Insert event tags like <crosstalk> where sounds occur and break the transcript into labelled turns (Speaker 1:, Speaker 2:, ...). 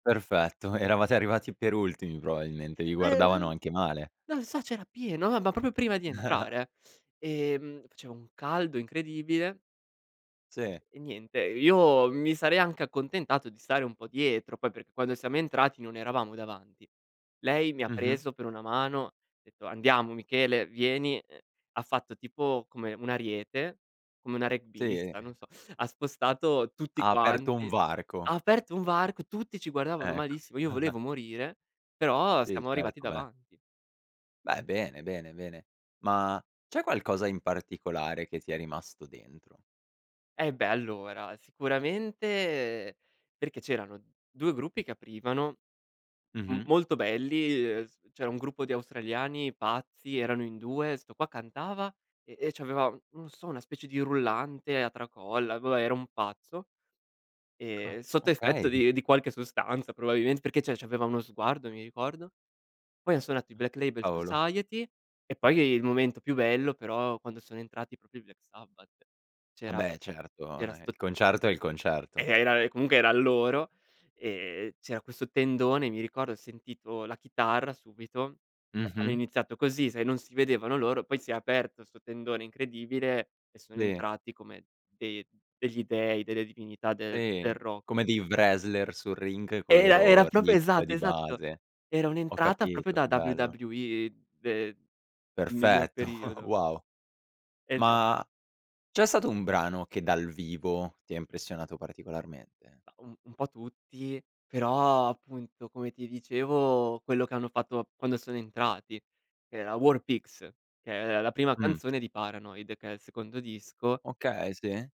Speaker 1: Perfetto, eravate arrivati per ultimi probabilmente, vi guardavano
Speaker 2: Ehm,
Speaker 1: anche male?
Speaker 2: non so, c'era pieno, ma ma proprio prima di
Speaker 1: <chuckles>
Speaker 2: entrare, eh. E mhmm faceva un caldo incredibile
Speaker 1: Sì.
Speaker 2: e niente. Io mi sarei anche accontentato di stare un po' dietro. Poi, perché quando siamo entrati non eravamo davanti. Lei mi ha
Speaker 1: Mh-mh.
Speaker 2: preso per una mano, ha detto: "Andiamo Michele, vieni". Ehm, ha fatto, tipo come un ariete, come una
Speaker 1: Sì?
Speaker 2: rugbista, non
Speaker 1: <chuckles>
Speaker 2: so. Ha spostato tutti
Speaker 1: Ha aperto un
Speaker 2: quanti,
Speaker 1: varco.
Speaker 2: ha aperto un varco, tutti ci guardavano
Speaker 1: Ecco.
Speaker 2: malissimo. Io volevo
Speaker 1: <chuckles>
Speaker 2: morire, però
Speaker 1: Sì,
Speaker 2: siamo arrivati
Speaker 1: certo, beh.
Speaker 2: davanti.
Speaker 1: Beh, bene, bene, bene. Ma, c'è qualcosa in particolare che ti è rimasto dentro?
Speaker 2: Eh beh, allora, sicuramente perché c'erano 2 gruppi che aprivano, m
Speaker 1: Mh-mh.
Speaker 2: molto belli, ehm, s c'era un gruppo di australiani pazzi, erano in 2, 'sto qua cantava e e c'aveva, non lo so, una specie di rullante a tracolla, boh, vabbè era un pazzo,
Speaker 1: Ah,
Speaker 2: e sotto effetto
Speaker 1: okay. <chuckles>
Speaker 2: di di qualche sostanza probabilmente, perché cioè, c'aveva uno sguardo, mi ricordo. Poi han suonato i
Speaker 1: Ah,
Speaker 2: Black Label
Speaker 1: cavolo.
Speaker 2: Society. E poi, il momento più bello però, quando sono entrati proprio i Black Sabbath
Speaker 1: Ah
Speaker 2: c'era
Speaker 1: beh. Certo,
Speaker 2: c'era
Speaker 1: eh.
Speaker 2: 'sto
Speaker 1: Il concerto è il
Speaker 2: Eh
Speaker 1: concerto.
Speaker 2: era comunque eran loro. E c'era questo tendone, mi ricordo. Ho sentito la chitarra subito. Hanno
Speaker 1: Mh-mh.
Speaker 2: iniziato così, sai, non si vedevano loro, poi si è aperto 'sto tendone incredibile, e sono
Speaker 1: Dì.
Speaker 2: entrati come dei degli dei, delle divinità de del
Speaker 1: Sì,
Speaker 2: ro
Speaker 1: come di wrestler sul ring, col
Speaker 2: Era era
Speaker 1: loro
Speaker 2: proprio,
Speaker 1: riff
Speaker 2: esatto,
Speaker 1: di
Speaker 2: esatto!
Speaker 1: base.
Speaker 2: Era
Speaker 1: Ho
Speaker 2: un'entrata, proprio
Speaker 1: capito.
Speaker 2: da
Speaker 1: Che bello.
Speaker 2: WWE, de miglior
Speaker 1: Perfetto, <chuckles>
Speaker 2: periodo.
Speaker 1: wow!
Speaker 2: Esa
Speaker 1: Ma, c'è stato un brano che dal vivo ti ha impressionato particolarmente?
Speaker 2: Mah, un un po' tutti. Però, appunto, come ti dicevo, quello che hanno fatto quando sono entrati. Era War Pigs, che è la prima
Speaker 1: Mh.
Speaker 2: canzone di Paranoid, che è il secondo disco
Speaker 1: Okay, sì.